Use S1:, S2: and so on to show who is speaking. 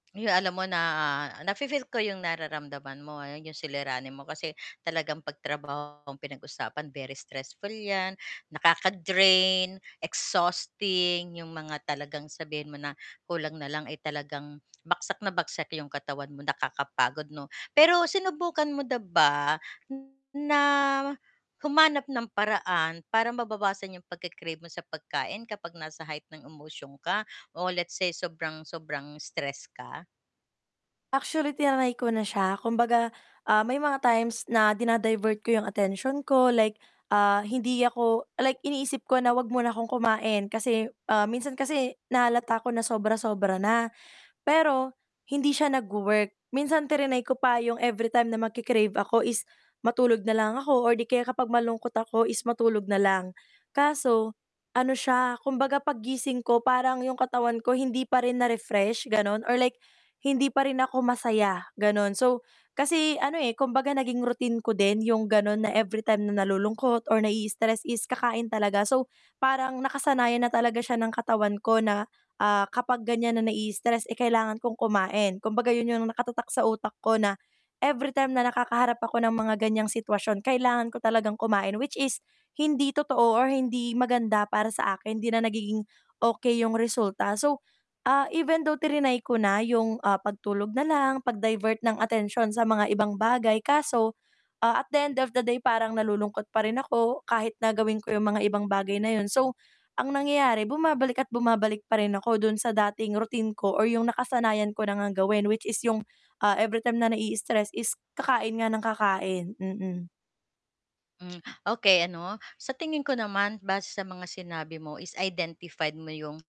S1: Uy, alam mo na nafi-feel ko 'yong nararamdaman mo, ah, 'yong suliranin mo kasi talagang pag trabaho ang pinag-usapan, very stressful 'yan, nakaka-drain, exhausting 'yong mga talagang sabihin mo na kulang na lang, eh, talagang bagsak na bagsak 'yong katawan mo nakakapagod, 'no. Pero sinubukan mo na ba na humanap ng paraan para mababawasan yung pagke-crave mo sa pagkain kapag nasa height ng emosyon ka o let's say sobrang sobrang stress ka.
S2: Actually, tinray ko na siya kumbaga, ah, may mga times na dina-divert ko yung attention ko like, ah, hindi ako like iniisip ko na wag muna akong kumain kasi, ah, minsan kasi nahalata ko na sobra sobra na pero hindi siya nag-wo-work. Minsan tinray ko pa yung everytime na magki-crave ako is matulog nalang ako or di kaya kapag malungkot ako is matulog nalang. Kaso ano siya, kumbaga paggising ko parang yung katawan ko hindi pa rin na-refresh, ganon, or like hindi pa rin ako masaya, ganon. So, kasi ano, eh, kumbaga naging routine ko din yung ganun na everytime na nalulungkot or nai-istress is kakain talaga, so, parang nakasanayan na talaga siya ng katawan ko na, ah, kapag ganyan na nai-istress, eh, kailangan kong kumain. Kumbaga 'yun yung nakatatak sa utak ko na everytime na nakakaharap ako ng mga ganyang sitwasyon, kailangan ko talagang kumain which is hindi totoo or hindi maganda para sa akin hindi na nagiging okey yung resulta. So, ah, even though trinay ko na yung pagtulog na lang pag-divert ng atensyon sa mga ibang bagay kaso, ah, at the end of the day, parang nalulungkot pa rin ako kahit na gawin ko yung mga ibang bagay na yun. So, ang nangyayari bumabalik at bumabalik pa rin ako dun sa dating routine ko or yung nakasanayan ko na ngang gawin which is yung, ah, everytime na nai-istress is kakain nga ng kakain. Mm.
S1: Hmm, okey ano sa tingin ko naman base sa mga sinabi mo is identified mo yung